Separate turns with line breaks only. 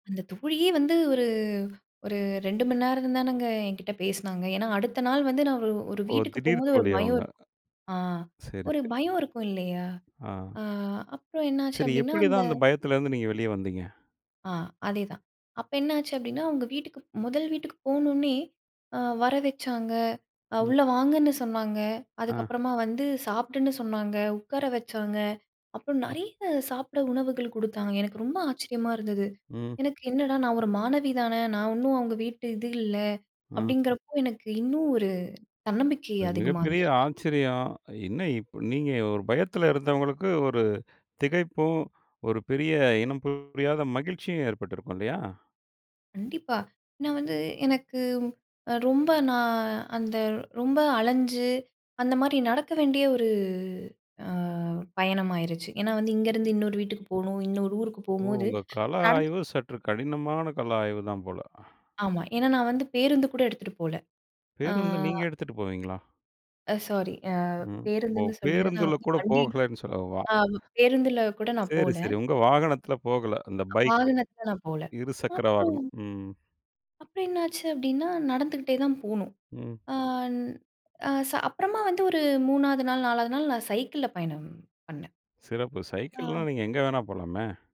அந்த தோழியே வந்து ஒரு ஒரு 2 மணி நேரந்தானேங்க என்கிட்ட பேசினாங்க. ஏன்னா அடுத்த நாள் வந்து நான் ஒரு ஒரு
ஓ!
வீட்டுக்கு
திடீர்
போம்போது ஒரு
தோழி
பயம்
அவுங்க.
இருக் ஆ
சரி,
ஒரு
சரி.
பயம் இருக்கும், இல்லயா?
ஆ.
ஆ, அப்புறம் என்னாச்சு
சரி.
அப்பிடின்னா,
எப்பிடி
அந்த
தான் அந்த பயத்திலருந்து நீங்க வெளிய வந்தீங்க?
ஆ, அதே தான். அப்ப என்ன ஆச்சு அப்பிடின்னா, அவுங்க வீட்டுக்கு, முதல் வீட்டுக்கு போனவுடனே ஆ வர வச்சாங்க. அ
ம்.
உள்ள வாங்கன்னு சொன்னாங்க.
ஆ.
அதுக்கப்பறமா வந்து சாப்பிடுன்னு சொன்னாங்க. உட்கார வச்சாங்க. அப்புறம்
ம்.
நிறைய சாப்பிட உணவுகள் குடுத்தாங்க. எனக்கு ரொம்ப ஆச்சரியமா இருந்தது.
ம்.
எனக்கு என்னடா! நான் ஒரு மாணவி தானே! நான் இன்னும் அவுங்க வீட்டு இது இல்ல,
அ.
அப்பிடிங்கிறப்போ, எனக்கு இன்னும் ஒரு தன்னம்பிக்கை
அ
அதிகமா
மிகப்பெரிய
வந்துருச்சு.
ஆச்சரியம்! என்ன இப் நீங்க ஒரு பயத்தில இருந்தவங்களுக்கு ஒரு திகைப்பும், ஒரு பெரிய இனம் புரியாத மகிழ்ச்சியும் ஏற்பட்டிருக்கும், இல்லயா!
கண்டிப்பா. நான் வந்து எனக்கு அ ரொம்ப நான் அந்த ரொம்ப அலஞ்சு அந்தமாரி நடக்க வேண்டிய ஒரு அ பயணமாயிருச்சு. ஏன்னா வந்து இங்கருந்து இன்னொரு வீட்டுக்கு போணும். இன்னொரு ஊருக்கு
ஓ!
போம்போது,
உங்க கள
நடந்து
ஆய்வு சற்று கடினமான கள ஆய்வு தான் போல.
ஆமா. ஏன்னா நான் வந்து பேருந்துகூட எடுத்துட்டு போல. ஆ.
பேருந்த நீங்க எடுத்துட்டு போவீங்களா?
அ சாரி. ஆ,
ம். ஓ!
பேருந்துன்னு சொல்றேன் நான்
பேருந்தில கூட
வண்டி
போகலேன்னு சொல்ல வா
ஆ பேருந்தில கூட நான்
சரி,
போல.
சரி. உங்க வாகனத்தில போகல. அந்த பைக்கு.
வாகனத்துல நான் போல.
இருசக்கர
அப்புறம்
வாகனம். ம்.
அப்புறம் என்ன ஆச்சு அப்பிடின்னா, நடந்துகிட்டே தான் போணும்.
ம்.
அன் ச அப்பறமா வந்து ஒரு 3 வது நாள், 4 வது நாள் நான் சைக்கிள்ல பயணம் பண்ணேன்.
சிறப்பு. சைக்கிள்ன்னா நீங்க
ஆ.
எங்கு வேணா போலாமே!